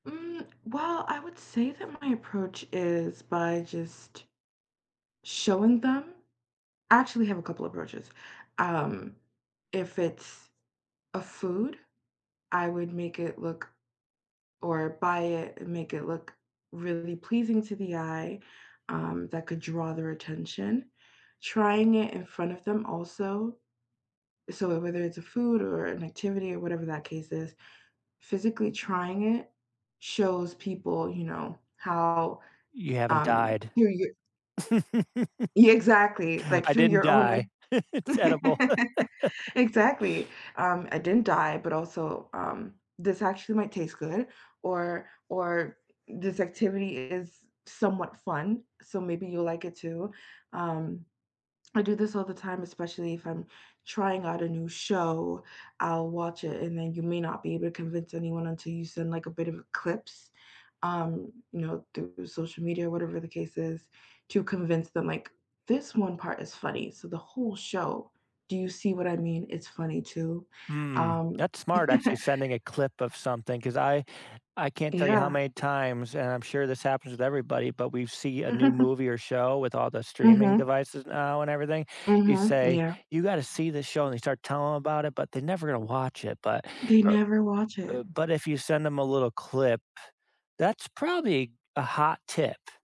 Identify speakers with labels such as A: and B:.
A: Mm, well, I would say that my approach is by just showing them. I actually have a couple of approaches. Um, if it's a food, I would make it look or buy it and make it look really pleasing to the eye, um, that could draw their attention. Trying it in front of them also. So, wh whether it's a food or an activity or whatever that case is, physically trying it shows people, you know, how,
B: You haven't
A: um,
B: died.
A: you you Yeah, exactly, like,
B: I
A: through
B: didn't
A: your
B: die.
A: own
B: It's edible.
A: exactly, um, I didn't die, but, also, um, this actually might taste good or or this activity is somewhat fun, so maybe you'll like it too. Um, I do this all the time, especially if I'm trying out a new show, I'll watch it and then you may not be able to convince anyone until you send, like, a bit of clips, um, you know, through social media or whatever the case is, to convince them, like, this one part is funny, so the whole show, do you see what I mean? It's funny too,
B: Mm,
A: um
B: that's smart actually sending a clip of something, 'cause I I can't tell you how
A: Yeah.
B: many times, and I'm sure this happens with everybody, but, we've see a new movie or show with all the streaming
A: Mhm.
B: devices now and everything, you
A: Mhm.
B: say,
A: Yeah.
B: "You gotta see this show," and they start telling 'em about it, but they're never gonna watch it, but,
A: They
B: er
A: never watch it.
B: uh, but, if you send them a little clip, that's probably a hot tip.